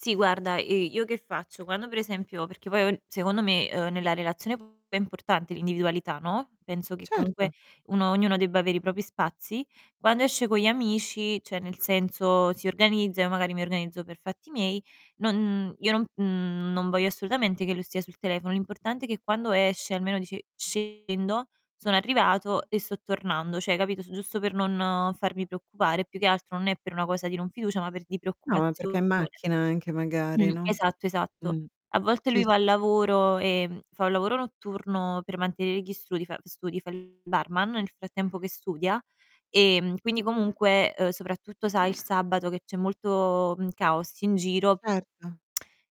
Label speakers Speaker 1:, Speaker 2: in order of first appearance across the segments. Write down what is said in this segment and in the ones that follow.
Speaker 1: Sì guarda, uhm, io che faccio, quando per esempio perché poi [unintelligible] secondo me, uhm, nella relazione pure è importante l'individualità, no, penso che comunque
Speaker 2: Certo.
Speaker 1: uno ognuno debba avere i propri spazi. Quando esce con gli amici cioè nel senso si organizza, io, magari, mi organizzo per fatti miei, non io non mhmm, non voglio assolutamente che lui stia sul telefono, l'importante è che quando esce almeno dice: "Scendo, sono arrivato e sto tornando," cioè capito su giusto per non farmi preoccupare, più che altro non è per una cosa di non fiducia, ma per di
Speaker 2: No, ma perché è in
Speaker 1: preoccupazione.
Speaker 2: macchina anche magari,
Speaker 1: Mh.
Speaker 2: no?
Speaker 1: Esatto, esatto.
Speaker 2: Mh,
Speaker 1: A volte
Speaker 2: sì,
Speaker 1: lui va
Speaker 2: sì,
Speaker 1: al
Speaker 2: sì.
Speaker 1: lavoro, ehm, fa un lavoro notturno per mantenere gli strudi, fa studi, fa il barman nel frattempo che studia, ehm, quindi comunque, uhm, soprattutto sai il sabato che c'è molto, mhmm, caos in giro,
Speaker 2: Certo.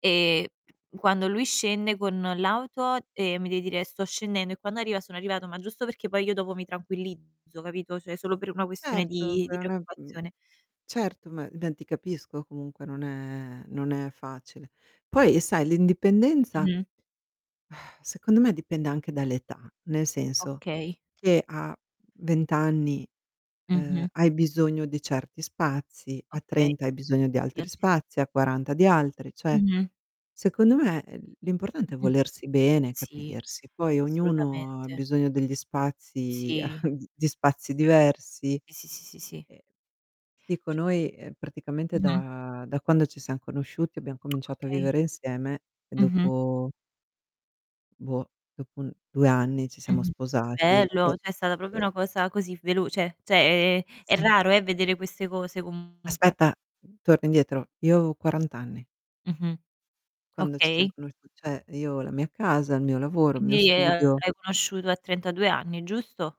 Speaker 1: ehm, quando lui scende con l'auto, ehm, mi devi dire: "Sto scendendo" e quando arriva: "Sono arrivato." Ma giusto perché poi io dopo mi tranquillizzo capito, cioè solo per una questione
Speaker 2: Certo,
Speaker 1: di
Speaker 2: è
Speaker 1: di
Speaker 2: una mhmm,
Speaker 1: preoccupazione.
Speaker 2: certo ma ben ti capisco comunque non è non è facile. Poi, sai l'indipendenza,
Speaker 1: Mh-mh.
Speaker 2: secondo me, dipende anche dall'età, nel senso
Speaker 1: Okay.
Speaker 2: che a 20 anni, uhm,
Speaker 1: Mh-mh.
Speaker 2: hai bisogno di certi spazi, a
Speaker 1: Okay,
Speaker 2: 30 hai bisogno di
Speaker 1: gli
Speaker 2: altri
Speaker 1: altri s
Speaker 2: spazi, a
Speaker 1: [unintelligible]
Speaker 2: 40 di altri, cioè,
Speaker 1: Mh-mh.
Speaker 2: secondo me, uhm, l'importante è
Speaker 1: Mh-mh.
Speaker 2: volersi bene,
Speaker 1: Sì,
Speaker 2: capirsi. Poi, ognuno ha
Speaker 1: assolutamente.
Speaker 2: bisogno degli spazi
Speaker 1: Sì.
Speaker 2: di spazi diversi,
Speaker 1: Sì, sì, sì, sì, sì.
Speaker 2: ehm, ti dico
Speaker 1: C
Speaker 2: noi, ehm, praticamente
Speaker 1: Mh-mh.
Speaker 2: da da quando ci siam conosciuti abbiam cominciato a
Speaker 1: Okay.
Speaker 2: vivere insieme e
Speaker 1: Mh-mh.
Speaker 2: dopo boh, dopo un 2 anni ci siamo
Speaker 1: Mh-mh.
Speaker 2: sposati
Speaker 1: Bello,
Speaker 2: e
Speaker 1: cioè è stata proprio
Speaker 2: e
Speaker 1: una cosa così velo cioè- cioè è è
Speaker 2: Sì.
Speaker 1: raro eh, vedere queste cose comunque.
Speaker 2: Aspetta, torna indietro, io avevo 40 anni
Speaker 1: Mh-mh.
Speaker 2: quando ci siam
Speaker 1: Okay.
Speaker 2: conosciu cioè io ho la mia casa, il mio lavoro, il mio
Speaker 1: Quindi, l'hai
Speaker 2: studio
Speaker 1: conosciuto a 32 anni, giusto?